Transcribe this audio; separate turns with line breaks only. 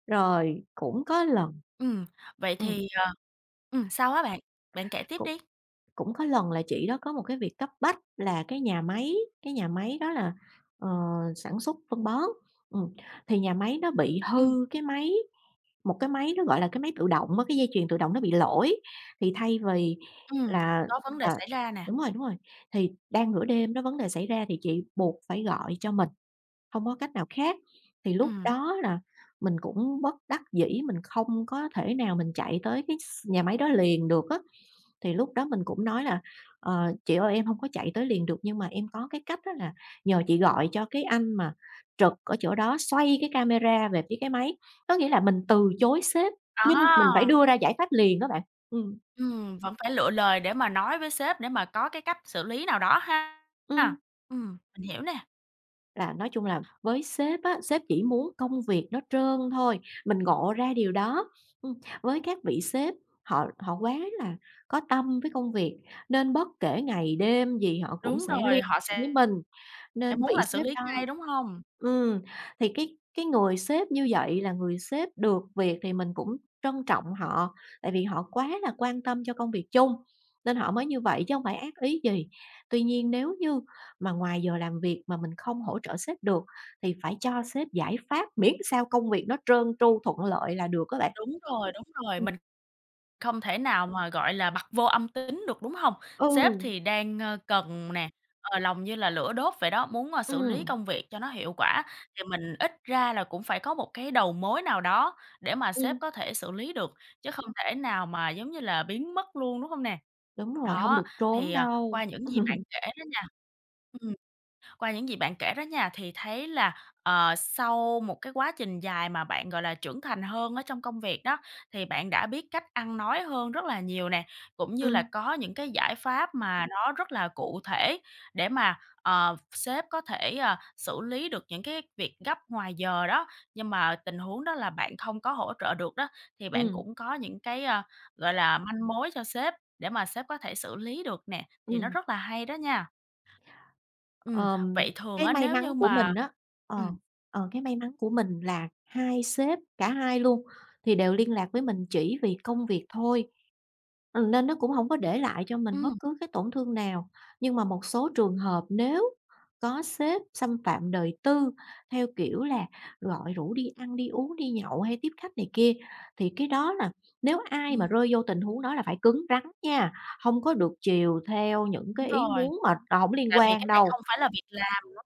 Rồi cũng có lần
Ừm, vậy
ừm.
thì, ờ ừm, sao á bạn? Bạn kể tiếp
Cũng
đi.
cũng có lần là chị đó có một cái việc cấp bách là cái nhà máy, cái nhà máy đó là, ờ, sản xuất phân bón, ừm, thì nhà máy nó bị
Ừm.
hư cái máy, một cái máy nó gọi là cái máy tự động á, cái dây chuyền tự động nó bị lỗi, thì thay vì
Ừm,
là
có vấn đề
à,
xảy ra nè.
đúng rồi, đúng rồi, thì đang nửa đêm đó vấn đề xảy ra thì chị buộc phải gọi cho mình, hông có cách nào khác. Thì lúc
Ừm.
đó là mình cũng bất đắc dĩ, mình không có thể nào mình chạy tới cái s nhà máy đó liền được á. Thì lúc đó mình cũng nói là "Ờ, chị ơi em hông có chạy tới liền được nhưng mà em có cái cách á, là nhờ chị gọi cho cái anh mà trực ở chỗ đó xoay cái camera về phía cái máy." Có nghĩa là mình từ chối sếp nhưng mình phải
À!
đưa ra giải pháp liền đó bạn. Ừm.
Ừm, vẫn phải lựa lời để mà nói với sếp để mà có cái cách xử lý nào đó ha.
Ừm.
À, ừm, mình hiểu nè.
Là nói chung là với sếp á, sếp chỉ muốn công việc nó trơn thôi, mình ngộ ra điều đó. Ừm, với các vị sếp họ họ quá là có tâm với công việc nên bất kể ngày đêm gì họ cũng
Đúng
sẽ liên
rồi, họ
hệ với
sẽ
mình
sẽ
nên
muốn
vị
là xử
sếp
lý
đó
ngay, đúng hông?
ừm, thì cái cái người sếp như vậy là người sếp được việc thì mình cũng trân trọng họ, tại vì họ quá là quan tâm cho công việc chung nên họ mới như vậy chứ hông phải ác ý gì. Tuy nhiên nếu như mà ngoài giờ làm việc mà mình không hỗ trợ sếp được thì phải cho sếp giải pháp miễn sao công việc nó trơn tru thuận lợi là được á bạn.
Đúng rồi, đúng rồi,
Ừm.
mình không thể nào mà, gọi là, bặt vô âm tín được, đúng hông? Sếp
Ừ.
thì đang, ơ, cần nè, ờ, lòng như là lửa đốt vậy đó, muốn, ơ, xử lý
Ừm.
công việc cho nó hiệu quả, thì mình ít ra là cũng phải có một cái đầu mối nào đó để mà sếp
Ừm.
có thể xử lý được, chứ không thể nào mà giống như là biến mất luôn, đúng hông nè?
Đúng rồi, hông
Đó,
được trốn
thì, ờ,
đâu.
qua những gì bạn kể đó nha ừm, qua những gì bạn kể đó nha, thì thấy là, ờ, sau một cái quá trình dài mà bạn, gọi là, trưởng thành hơn ở trong công việc đó, thì bạn đã biết cách ăn nói hơn rất là nhiều nè, cũng như là
Ừm.
có những cái giải pháp mà nó rất là cụ thể để mà, ờ, sếp có thể, à, xử lý được những cái việc gấp ngoài giờ đó. Nhưng mà tình huống đó là bạn không có hỗ trợ được đó, thì bạn
Ừm.
cũng có những cái, ơ, gọi là, manh mối cho sếp để mà sếp có thể xử lý được nè, thì nó
Ừm.
rất là hay đó nha. Ừm,
Ờm,
vậy thường
cái
á,
may
nếu
mắn
như
của mình
mà
á ờ,
ừm.
ờ, cái may mắn của mình là hai sếp, cả hai luôn thì đều liên lạc với mình chỉ vì công việc thôi, ừm, nên nó cũng hông có để lại cho mình
Ừm.
bất cứ cái tổn thương nào. Nhưng mà một số trường hợp nếu có sếp xâm phạm đời tư theo kiểu là gọi rủ đi ăn, đi uống, đi nhậu hay tiếp khách này kia, thì cái đó là nếu ai mà
Ừm.
rơi vô tình huống đó là phải cứng rắn nha, hông có được chiều theo những
Đúng
cái ý
rồi,
muốn mà, ờ, hổng liên
tại vì
quan
cái này
đâu.
không phải là việc làm, đúng hông?